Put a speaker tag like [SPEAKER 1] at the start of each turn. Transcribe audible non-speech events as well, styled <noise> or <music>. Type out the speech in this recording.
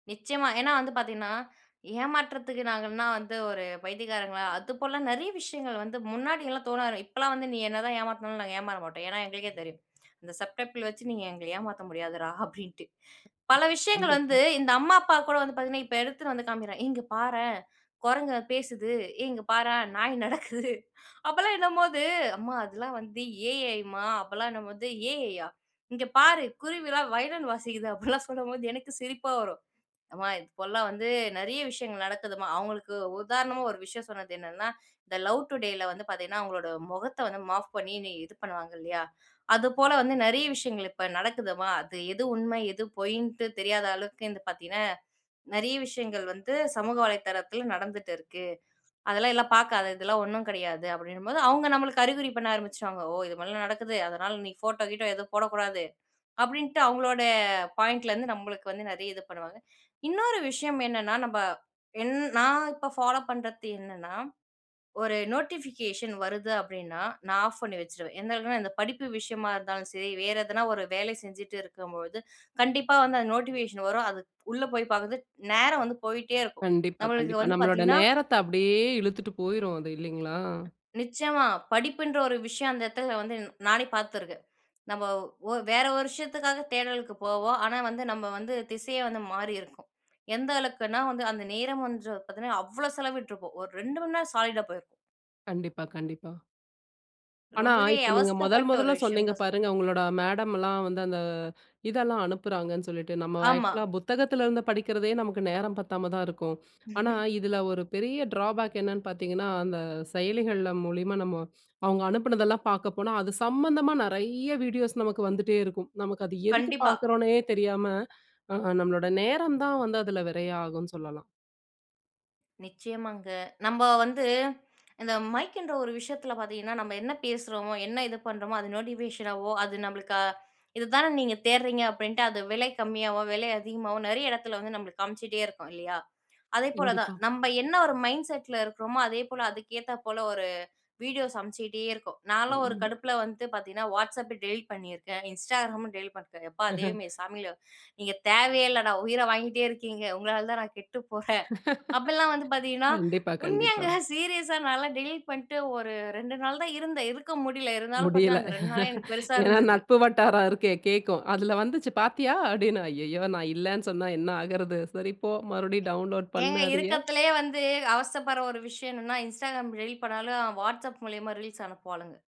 [SPEAKER 1] நிச்சயமா. ஏன்னா வந்து பார்த்தீங்கன்னா, ஏமாற்றத்துக்கு நாங்கன்னா வந்து ஒரு பைத்தியக்காரங்களா! அது போல நிறைய விஷயங்கள் வந்து முன்னாடிலாம் தோணாது. இப்பலாம் வந்து நீ என்ன தான் ஏமாத்துனாலும் நாங்க ஏமாற மாட்டோம். ஏன்னா எங்களுக்கே தெரியும். அந்த சப் டப்பில் வச்சு நீங்க எங்கள ஏமாற்ற முடியாதுடா! அப்பிடின்ட்டு.
[SPEAKER 2] <unintelligible>
[SPEAKER 1] பல விஷயங்கள் வந்து
[SPEAKER 2] கண்டிப்பா.
[SPEAKER 1] இந்த அம்மா, அப்பா கூட வந்து பாத்தீங்கன்னா, இப்ப எடுத்துட்டு வந்து காண்பிக்கிறேன். இங்க பாரேன்! குரங்கு பேசுது. ஏய்! இங்க பாரேன்! நாய் நடக்குது. <chuckles> அப்பெல்லாம் என்னும்போது, அம்மா! அதெல்லாம் வந்து AI ம்மா! அப்பலாம் என்னும்போது AI யா! இங்க பாரு! குருவிலாம் வயலின் வாசிக்குது. அப்பிடிலாம் சொல்லும் போது, எனக்கு சிரிப்பா வரும். அம்மா இப்பெல்லாம் வந்து நிறைய விஷயங்கள் நடக்குதும்மா! அவுங்களுக்கு உதாரணமா ஒரு விஷயம் சொன்னது என்னென்னா, இந்த லவ் டுடேல வந்து பாத்தீங்கன்னா, அவுங்களோட முகத்த வந்து மாப் பண்ணி இது பண்ணுவாங்க இல்லயா! அது போல வந்து நிறைய விஷயங்கள் இப்ப நடக்குதுமா! அது எது உண்மை. எது பொய்ன்ட்டு தெரியாத அளவுக்கு வந்து பார்த்தீங்கன்னா, நிறைய விஷயங்கள் வந்து சமூக வலைதளத்தில் நடந்துட்டு இருக்கு. அதெல்லாம் எல்லாம் பார்க்காத! இதெல்லாம் ஒண்ணும் கிடையாது, அப்பிடினும்போது அவுங்க நம்மளுக்கு அறிகுறி பண்ண ஆரம்பிச்சுருவாங்க. ஓ! இது மாதிரிலாம் நடக்குது. அதனால நீ ஃபோட்டோ கீட்டோ எதுவும் போடக்கூடாது. அப்பிடின்ட்டு அவுங்களோடய பாயிண்ட்லருந்து நம்மளுக்கு வந்து நிறைய இது பண்ணுவாங்க. இன்னொரு விஷயம் என்னன்னா, நம்ம என் நான் இப்போ ஃபாலோப் பண்றது என்னன்னா, ஒரு நோட்டிபிகேஷன் வருது அப்பிடின்னா, நான் ஆஃப் பண்ணி வச்சிருவேன். எந்த அளவுக்னா, இந்த படிப்பு விஷயமா இருந்தாலும் சரி, வேற ஏதுன்னா ஒரு வேலை செஞ்சிட்டு இருக்கும் பொழுது கண்டிப்பா வந்து அந்த நோட்டிபிகேஷன் வரும். அது உள்ள போய் பார்க்கிறது நேரம் வந்து போயிட்டே இருக்கும்.
[SPEAKER 2] கண்டிப்பா,
[SPEAKER 1] நம்மளுக்கு
[SPEAKER 2] கண்டிப்பா.
[SPEAKER 1] வந்து
[SPEAKER 2] நம்மளோட
[SPEAKER 1] பார்த்தீங்கன்னா
[SPEAKER 2] நேரத்த அப்பிடியே இழுத்துட்டு போயிரும் அது இல்லிங்களா!
[SPEAKER 1] நிச்சயமா படிப்புன்ற ஒரு விஷயம் அந்த இடத்தில வந்து நானே பார்த்து இருக்கேன். நம்ம ஒ வேற ஒரு விஷயத்துக்காக தேடலுக்கு போவோம். ஆனா வந்து நம்ம வந்து திசையே வந்து மாறியிருக்கும். எந்த அளவுக்குன்னா வந்து அந்த நேரம் வந்து பார்த்தீங்கன்னா, அவ்ளோ செலவிட்டிருப்போம். ஒரு 2 மணி நேரம் சாலீடா போயிருப்போம்.
[SPEAKER 2] கண்டிப்பா, கண்டிப்பா. ஆனா,
[SPEAKER 1] ரொம்பவே
[SPEAKER 2] இப்ப நீங்க முதல்
[SPEAKER 1] அவஸ்தப்பட்ட
[SPEAKER 2] முதல்ல
[SPEAKER 1] ஒரு விஷயம்
[SPEAKER 2] சொன்னீங்க
[SPEAKER 1] தான் சொல்லணும்.
[SPEAKER 2] பாருங்க! உங்களோட மேடம்லாம் வந்து அந்த இதெல்லாம் அனுப்புறாங்கன்னு சொல்லிட்டு, நம்ம
[SPEAKER 1] ஆமா.
[SPEAKER 2] ஆக்ஷூலா புத்தகத்தில இருந்து படிக்கிறதே நமக்கு நேரம் பத்தாம தான் இருக்கும். ஆனா
[SPEAKER 1] <laughs>
[SPEAKER 2] இதில ஒரு பெரிய டிராபேக் என்னன்னு பார்த்தீங்கன்னா அந்த செயலிகள்ல மூலியமா நம்ம அவுங்க அனுப்பினதெல்லாம் பார்க்க போனா, அது சம்மந்தமா நிறைய வீடியோஸ் நமக்கு வந்துட்டே இருக்கும். நமக்கு அது எதுக்கு
[SPEAKER 1] கண்டிப்பா.
[SPEAKER 2] பார்க்குறோன்னே தெரியாம அ நம்மளோட நேரம் தான் வந்து அதில விரையம் ஆகுன்னு சொல்லலாம்.
[SPEAKER 1] நிச்சயமாங்க. நம்ம வந்து இந்த மைக்ன்ற ஒரு விஷயத்துல பார்த்தீங்கன்னா, நம்ம என்ன பேசுறோமோ! என்ன இது பண்றோமோ! அது நோட்டிஃபிகேஷனாவோ அது நம்மளுக்கு இது தானே நீங்க தேடுறீங்க அப்பிடின்ட்டு அது விலை கம்மியாவும், விலை அதிகமாவும் நிறைய இடத்துல வந்து நம்மளுக்கு காமிச்சிட்டே இருக்கும் இல்லயா! அதேபோல தான்
[SPEAKER 2] கண்டிப்பா.
[SPEAKER 1] நம்ம என்ன ஒரு மைண்ட் செட்ல இருக்கிறோமோ! அதே போல அதுக்கு ஏத்த போல ஒரு வீடியோ சமைச்சுக்கிட்டே இருக்கோம். நான்லாம் ஒரு
[SPEAKER 2] ம்.
[SPEAKER 1] கடுப்புல வந்து பார்த்தீங்கன்னா, WhatsApp டெலீட் பண்ணியிருக்கேன். Instagramம் டெலீட் பண்ணிருக்கேன். எப்பா! தெய்வமே
[SPEAKER 2] <laughs>
[SPEAKER 1] சாமிகளா! நீங்க தேவையே இல்லடா! உயிர வாங்கிகிட்டே இருக்கீங்க! உங்களால தான் நான் கெட்டு போறேன். அப்பிட்லாம் வந்து
[SPEAKER 2] <laughs>
[SPEAKER 1] பார்த்தீங்கன்னா
[SPEAKER 2] கண்டிப்பா, கண்டிப்பா.
[SPEAKER 1] உண்மையாங்க, சீரியஸா நான்லாம் டெலீட் பண்ணிட்டு ஒரு 2 நாள் தான் இருந்தேன். இருக்க முடியல. இருந்தாலும்
[SPEAKER 2] முடியல
[SPEAKER 1] பார்த்தீங்கன்னா அந்த 2 நாளே எனக்கு
[SPEAKER 2] <laughs>
[SPEAKER 1] பெருசா
[SPEAKER 2] ஏன்னா
[SPEAKER 1] இருந்தது.
[SPEAKER 2] நட்பு வட்டாரம் இருக்கே கேட்கும். அதில வந்துச்சு பார்த்தியா! அப்பிடின்னு. ஐய்யயோ! நான் இல்லன்னு சொன்னா என்ன ஆகுறது? சரி போ! மறுபடியும் டவுன்லோட் பண்ணு
[SPEAKER 1] ஏங்க
[SPEAKER 2] அதயே.
[SPEAKER 1] இருக்கறதுலயே வந்து அவஸ்தைப்படுற ஒரு விஷயம் என்னன்னா, Instagram டெலிட் பண்ணாலும், WhatsApp மூலியமா ரீல்ஸ் அனுப்புவாளுங்க.